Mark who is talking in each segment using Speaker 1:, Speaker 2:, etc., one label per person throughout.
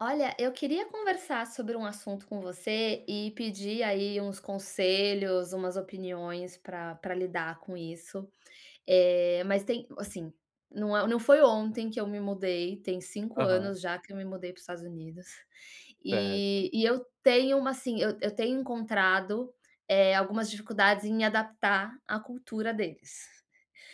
Speaker 1: Olha, eu queria conversar sobre um assunto com você e pedir aí uns conselhos, umas opiniões pra pra lidar com isso. Eh, mas tem hum, assim, não é o não foi ontem que eu me mudei, tem 5
Speaker 2: Aham.
Speaker 1: anos já que eu me mudei para os Estados Unidos,
Speaker 2: Certo.
Speaker 1: eh, e eu tenho uma assim, eu eu tenho encontrado, eh, algumas dificuldades em me adaptar a cultura deles.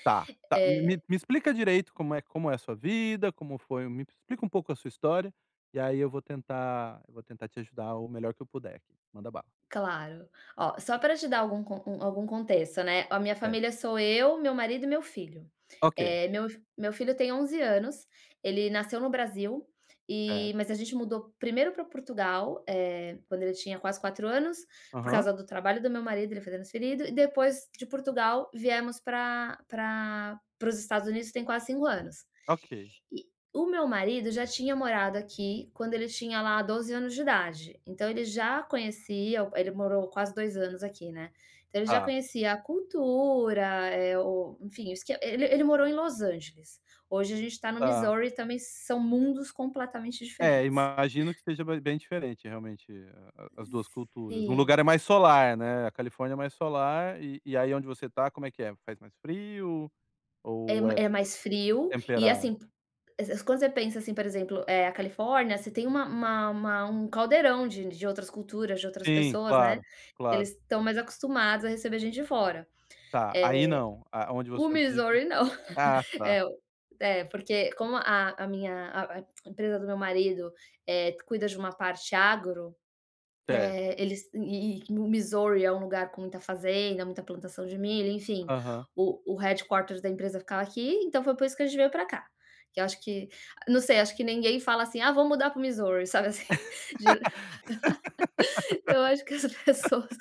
Speaker 2: Tá tá, me
Speaker 1: Eh
Speaker 2: me explica direito como é como é a sua vida, como foi me explica um pouco a sua história e aí eu vou tentar vou tentar te ajudar o melhor que eu puder aqui. Manda bala.
Speaker 1: Claro. Ó, só pra te dar algum co algum contexto, né. A minha
Speaker 2: É.
Speaker 1: família sou eu, meu marido e meu filho.
Speaker 2: Ok.
Speaker 1: Eh, meu f meu filho tem 11 anos, ele nasceu no Brasil, eh,
Speaker 2: Certo.
Speaker 1: mas a gente mudou primeiro pra Portugal, eh, quando ele tinha quase 4 anos, por
Speaker 2: Aham.
Speaker 1: causa do trabalho do meu marido, ele foi transferido e depois de Portugal, viemos pra pra para os Estados Unidos, tem quase 5 anos.
Speaker 2: Ok.
Speaker 1: E, o meu marido já tinha morado aqui quando ele tinha lá 12 anos de idade, então ele já conhecia o ele morou quase 2 anos aqui, né. Então ele já
Speaker 2: Tá.
Speaker 1: conhecia a cultura, eh, o, enfim, o esq ele ele morou em Los Angeles. Hoje a gente tá no
Speaker 2: Tá.
Speaker 1: Missouri e também são mundos completamente
Speaker 2: É,
Speaker 1: diferentes.
Speaker 2: imagino que seja be bem diferente realmente, a as duas culturas. O
Speaker 1: Sim.
Speaker 2: lugar é mais solar, né? A Califórnia é mais solar e e aí onde você tá, como é que é? Faz mais frio
Speaker 1: É
Speaker 2: ou é
Speaker 1: é mais frio,
Speaker 2: é
Speaker 1: e,
Speaker 2: temperado?
Speaker 1: assim, pu es- es quando você pensa assim, por exemplo, eh, a Califórnia, você tem uma uma uma um caldeirão de de outras culturas, de outras
Speaker 2: Sim,
Speaker 1: pessoas, né.
Speaker 2: claro. Claro.
Speaker 1: Eles estão mais acostumados a receber gente de fora.
Speaker 2: Tá, aí
Speaker 1: Eh,
Speaker 2: não? A onde
Speaker 1: o
Speaker 2: você vive.
Speaker 1: Missouri, não.
Speaker 2: Ah tá.
Speaker 1: Eh, o porque como a a minha a a empresa do meu marido, eh, cuida de uma parte agro,
Speaker 2: Certo.
Speaker 1: eh, eles e e o Missouri é um lugar com muita fazenda, muita plantação de milho, enfim,
Speaker 2: Aham.
Speaker 1: o o headquarters da empresa ficava aqui, então foi por isso que a gente veio pra cá. Que eu acho que não sei, acho que ninguém fala assim: "Ah, vou mudar para o Missouri.", sabe assim. Dio eu acho que as pessoas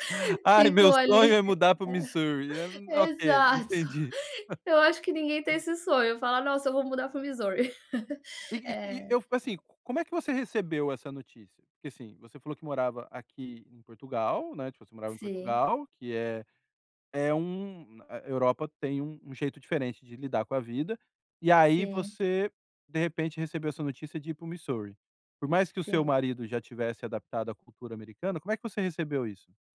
Speaker 2: "Ai, meu
Speaker 1: ficam
Speaker 2: sonho
Speaker 1: ali
Speaker 2: é mudar para o Missouri!". [unintelligible]
Speaker 1: ai
Speaker 2: Ok,
Speaker 1: exato.
Speaker 2: entendi.
Speaker 1: Eu acho que ninguém tem esse sonho, falar: "Nossa eu vou mudar pro Missouri.".
Speaker 2: E e e
Speaker 1: É.
Speaker 2: eu, assim, como é que você recebeu essa notícia? Porque assim, você falou que morava aqui em Portugal, né, tipo, você morava em
Speaker 1: Sim.
Speaker 2: Portugal, que é é um a Europa tem um jeito diferente de lidar com a vida, e aí
Speaker 1: Sim.
Speaker 2: você, de repente, recebeu essa notícia de ir para o Missouri. Por mais que o seu
Speaker 1: Sim.
Speaker 2: marido já tivesse adaptado à cultura americana, como é que você recebeu isso?